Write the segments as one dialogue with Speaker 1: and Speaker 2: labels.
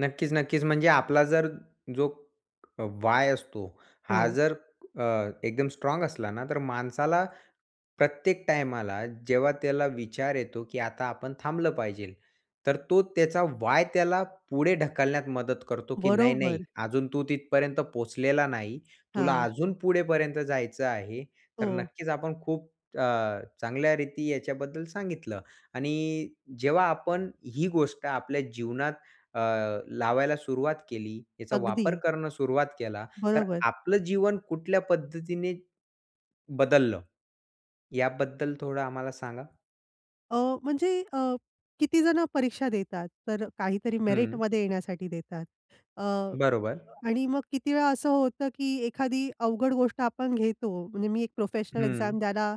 Speaker 1: नक्कीच, नक्कीच. म्हणजे आपला जर जो अ, वाय असतो हा
Speaker 2: हो.
Speaker 1: जर अ, एकदम स्ट्राँग असला ना, तर माणसाला प्रत्येक टाईमाला जेव्हा त्याला विचार येतो की आता आपण थांबलं पाहिजेल. तर तो त्याचा वाय त्याला पुढे ढकलण्यात मदत करतो की नाही नाही
Speaker 2: बरोबर.
Speaker 1: अजून तू तिथपर्यंत पोहोचलेला नाही. तुला
Speaker 2: हां.
Speaker 1: अजून पुढेपर्यंत जायचं आहे, तर
Speaker 2: हो.
Speaker 1: नक्कीच आपण खूप अ, चांगल्या रीती याच्याबद्दल सांगितलं. आणि जेव्हा आपण ही गोष्ट आपल्या जीवनात अ, लावायला सुरुवात केली, याचा वापर
Speaker 2: अगदी.
Speaker 1: करणं सुरुवात केला, तर
Speaker 2: बरोबर.
Speaker 1: आपलं जीवन कुठल्या पद्धतीने, बदललं. याबद्दल थोडं आम्हाला सांगा?
Speaker 2: अ, म्हणजे अ, किती जण परीक्षा देतात तर काहीतरी
Speaker 1: हं.
Speaker 2: मेरिटमध्ये येण्यासाठी देतात. अ,
Speaker 1: बरोबर.
Speaker 2: आणि मग किती वेळा असं होतं की एखादी अवघड गोष्ट आपण घेतो म्हणजे मी एक प्रोफेशनल
Speaker 1: हं.
Speaker 2: एक्झाम द्यायला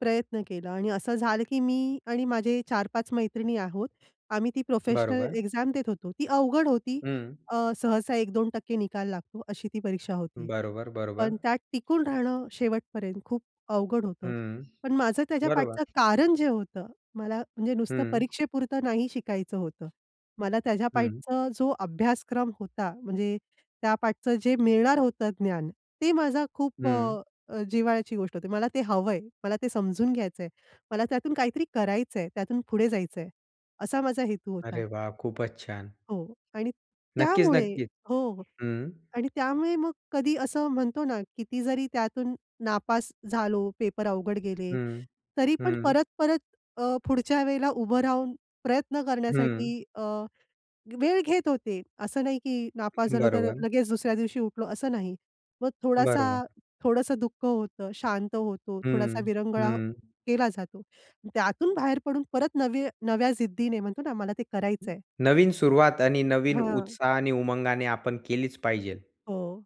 Speaker 2: प्रयत्न केला आणि असं झालं की मी आणि माझे 4-5 मैत्रिणी आहोत. आम्ही ती प्रोफेशनल
Speaker 1: बरोबर.
Speaker 2: एक्झाम देत होतो ती अवघड होती.
Speaker 1: हं.
Speaker 2: अ, सहसा 1%-2% निकाल लागतो अशी ती परीक्षा होती.
Speaker 1: बरोबर, बरोबर.
Speaker 2: पण त्यात टिकून राहणं शेवटपर्यंत खूप अवघड होतं.
Speaker 1: हं,
Speaker 2: पण माझं त्याच्या पाठच
Speaker 1: बरोबर.
Speaker 2: कारण जे होतं मला म्हणजे नुसतं
Speaker 1: हं.
Speaker 2: परीक्षेपुरतं नाही शिकायचं होतं. मला त्याच्या
Speaker 1: हं.
Speaker 2: पाठच जो अभ्यासक्रम होता म्हणजे त्या पाठच जे मिळणार होतं ज्ञान ते माझा खूप
Speaker 1: हं.
Speaker 2: अ, जिव्हाळ्याची गोष्ट होती. मला ते हवंय, मला ते समजून घ्यायचंय. मला त्यातून काहीतरी करायचंय त्यातून पुढे जायचंय. असा माझा हेतू होता.
Speaker 1: अरे वाह! खूपच छान.
Speaker 2: हो आणि
Speaker 1: नक्कीच,
Speaker 2: त्यामुळे
Speaker 1: नक्कीच
Speaker 2: हो,
Speaker 1: हं.
Speaker 2: आणि त्यामुळे मग कधी असं म्हणतो ना, किती जरी त्यातून नापास झालो पेपर अवघड गेले.
Speaker 1: हं,
Speaker 2: तरी पण
Speaker 1: हं.
Speaker 2: परत-परत अ, पुढच्या वेळेला उभं राहून प्रयत्न
Speaker 1: हं.
Speaker 2: करण्यासाठी अ, वेळ घेत होते, असं नाही की नापास झालो तर
Speaker 1: बरोबर.
Speaker 2: लगेच दुसऱ्या दिवशी उठलो असं नाही. मग
Speaker 1: बरोबर.
Speaker 2: थोडासा थोडसं दुःख होतं, शांत होतो, थोडासा
Speaker 1: हं,
Speaker 2: विरंगुळा
Speaker 1: हं.
Speaker 2: केला जातो, त्यातून बाहेर पडून परत नवे नव्या जिद्दीने म्हणतो ना, मला ते करायचंय
Speaker 1: नवीन सुरुवात आणि नवीन
Speaker 2: हां.
Speaker 1: उत्साहाने, उमंगाने आपण केलीच पाहिजेल.
Speaker 2: हो.